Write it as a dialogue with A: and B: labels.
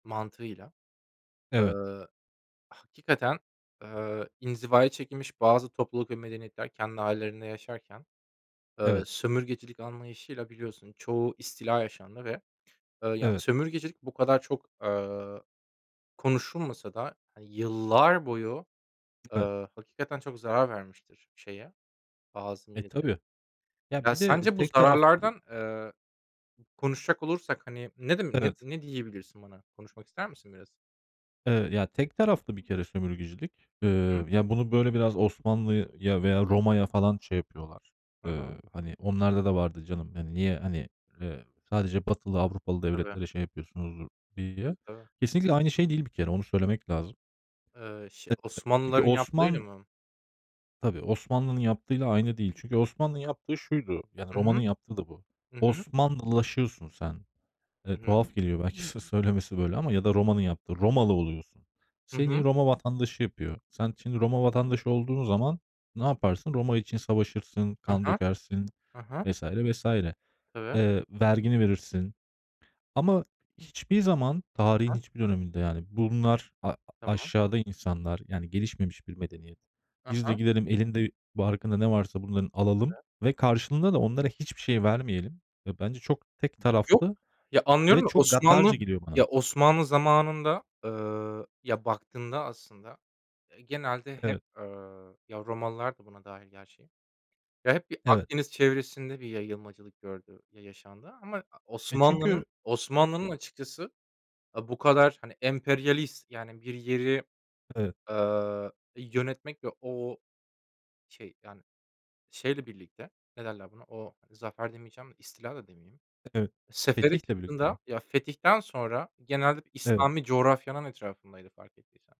A: Mantığıyla, eee,
B: Evet.
A: hakikaten, eee, inzivaya çekilmiş bazı topluluk ve medeniyetler kendi ailelerinde yaşarken, eee,
B: Evet.
A: sömürgecilik anlayışıyla biliyorsun çoğu istila yaşandı ve, eee, yani,
B: Evet.
A: sömürgecilik bu kadar çok, eee, konuşulmasa da, eee, yıllar boyu,
B: Evet.
A: eee, hakikaten çok zarar vermiştir şeye, bazı
B: E,
A: milletlere.
B: tabii. Ya,
A: Ya,
B: bir de, eee,
A: sence bu
B: tek taraflı
A: zararlardan, eee, konuşacak olursak, hani, ne dem ne
B: Evet.
A: ne diyebilirsin bana? Konuşmak ister misin biraz?
B: Eee, ya, tek taraflı bir kere sömürgecilik.
A: Hı.
B: Eee, ya, bunu böyle biraz Osmanlı'ya veya Roma'ya falan şey yapıyorlar.
A: Hı
B: Eee,
A: hı.
B: hani onlarda da vardı canım. Hani, niye, hani, eee, sadece batılı, Avrupalı
A: Tabii.
B: devletlere şey yapıyorsunuz diye.
A: Tabii, tabii.
B: Kesinlikle aynı şey değil bir kere onu söylemek lazım.
A: Eee, ş
B: [unintelligible] Çünkü
A: Osmanlıların yaptığıyla
B: Osman
A: mı?
B: Tabii, Osmanlı'nın yaptığıyla aynı değil. Çünkü Osmanlı'nın yaptığı şuydu. Yani,
A: Hı
B: Roma'nın
A: hı,
B: yaptığı da bu.
A: hı hı.
B: Osmanlılaşıyorsun sen. Eee,
A: Hı hı.
B: tuhaf geliyor belki sö söylemesi böyle ama. Ya da Roma'nın yaptığı, Romalı oluyorsun.
A: Hı
B: Seni
A: hı.
B: Roma vatandaşı yapıyor. Sen şimdi Roma vatandaşı olduğun zaman ne yaparsın? Roma için savaşırsın,
A: Ha
B: kan
A: ha,
B: dökersin
A: ha ha.
B: vs. vs. Eee,
A: Tabii.
B: vergini verirsin ama hiçbir zaman tarihin
A: Ha.
B: hiçbir döneminde, yani, bunlar a
A: Tamam.
B: aşağıda insanlar, yani, gelişmemiş bir medeniyet.
A: Hı
B: Biz de
A: hı.
B: gidelim elinde barkında ne varsa bunların alalım
A: Tabii.
B: ve karşılığında da onlara hiçbir şey vermeyelim. E, bence çok tek
A: E, yok.
B: taraflı
A: Ya,
B: ve
A: anlıyorum da
B: çok
A: Osmanlı
B: gaddarca geliyor
A: ya,
B: bana.
A: Osmanlı zamanında, eee, ya, baktığında aslında, eee, genelde hep,
B: Evet.
A: eee, ya, Romalılar da buna dâhil gerçi, ya, hep bir
B: Evet.
A: Akdeniz çevresinde bir yayılmacılık gördü, ya yaşandı. Ama
B: E,
A: Osmanlı'nın
B: çünkü
A: Osmanlı'nın
B: E
A: açıkçası, aaa, bu kadar, hani, emperyalist, yani, bir yeri,
B: Evet.
A: ııı, yönetmek ve o, şey, yani, şeyle birlikte, ne derler buna? O, zafer demeyeceğim de istila da demeyeyim.
B: Evet,
A: Sefere
B: fetihle birlikte mi?
A: çıktığında, ya, fetihten sonra genelde
B: Evet.
A: İslami coğrafyanın etrafındaydı fark ettiysen.